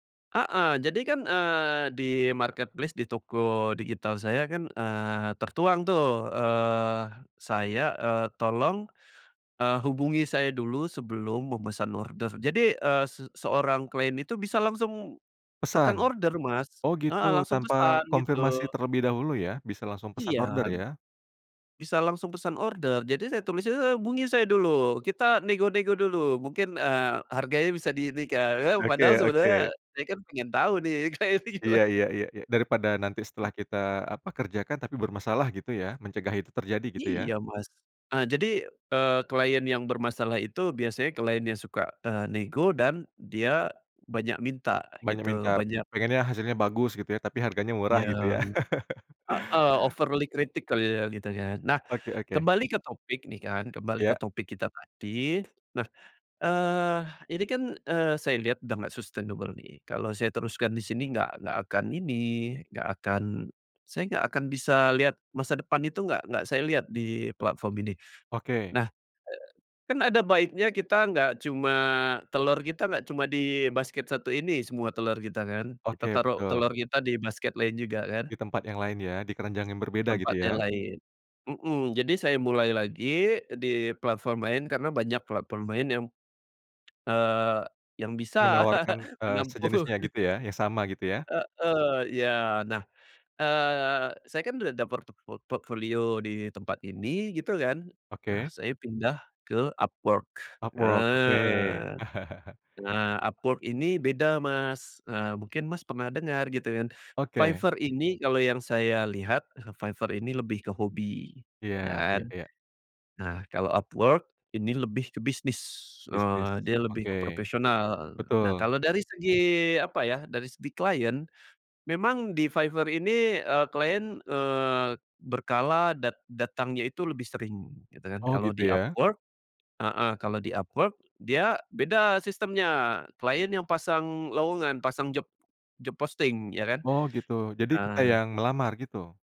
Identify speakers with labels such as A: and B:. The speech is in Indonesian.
A: Heeh, jadi kan, eee, di marketplace di toko digital saya kan, eee, tertuang tuh, eee, saya, eee, tolong, eee, hubungi saya dulu sebelum memesan order. Jadi, eee, se seorang klien itu bisa langsung tekan
B: Pesan.
A: order Mas,
B: Oh
A: heeh,
B: gitu
A: langsung
B: tanpa
A: pesan, gitu.
B: konfirmasi terlebih dahulu ya, bisa langsung pesan
A: Iya,
B: order ya?
A: bisa langsung pesan order. Jadi saya tulisnya a hubungi saya dulu, kita nego-nego dulu, mungkin, eee, harganya bisa di ini kan, kan padahal
B: Oke
A: sebenarnya
B: oke.
A: saya kan pengen tahu nih kayak
B: Iya
A: gimana.
B: iya iya iya, dari pada nanti setelah kita, apa, kerjakan tapi bermasalah gitu ya, mencegah itu terjadi gitu ya?
A: Iya Mas, nah jadi, eee, klien yang bermasalah itu biasanya klien yang suka, eee, nego dan dia banyak minta
B: Banyak
A: gitu,
B: minta, m
A: banyak
B: pengennya hasilnya bagus gitu ya tapi harganya murah gitu ya?
A: Yang heeh, overly kritik kali ya gitu ya. Nah
B: Oke oke.
A: kembali ke topik nih kan, kembali ke
B: Iya.
A: topik kita tadi nah, eee, ini kan, eee, saya lihat udah nggak sustainable nih. Kalau saya teruskan di sini nggak nggak akan ini, nggak akan saya nggak akan bisa lihat masa depan itu nggak nggak saya lihat di platform ini.
B: Oke.
A: Nah, eee, kan ada baiknya kita nggak cuma telur kita nggak cuma di basket satu ini semua telur kita kan, kita
B: Oke,
A: taruh telur
B: betul.
A: kita di basket lain juga kan?
B: Di tempat yang lain ya, dikeranjang yang berbeda
A: Tempat
B: gitu
A: yang
B: ya?
A: lain. Mhm, jadi saya mulai lagi di platform lain, karena banyak platform lain yang, eee, yang bisa
B: Menawarkan, eee,
A: menampung.
B: sejenisnya gitu ya, yang sama gitu ya?
A: Heeh, ya nah, eee, saya kan udah ada porto portfolio di tempat ini gitu kan, nah
B: Oke.
A: saya pindah ke Upwork,
B: Upwork. Oke.
A: eee. Nah, Upwork ini beda Mas, eee, mungkin Mas pernah dengar gitu kan,
B: Oke.
A: Fiverr ini kalau yang saya lihat, ah Fiverr ini lebih ke hobi
B: Iya, ya
A: dan
B: ya.
A: nah kalau Upwork ini lebih ke bisnis,
B: Bisnis.
A: eee, dia lebih ke
B: Oke.
A: profesional. Nah
B: Betul.
A: kalau dari segi, apa ya, dari segi klien memang di Fiverr ini, eee, klien, eee, berkala dat datangnya itu lebih sering gitu kan.
B: Oh
A: Kalau
B: gitu
A: di
B: ya?
A: Upwork heeh, kalau di Upwork, dia beda sistemnya klien yang pasang lowongan, pasang job job posting ya kan,
B: Oh gitu. Jadi kita
A: nah.
B: yang melamar gitu?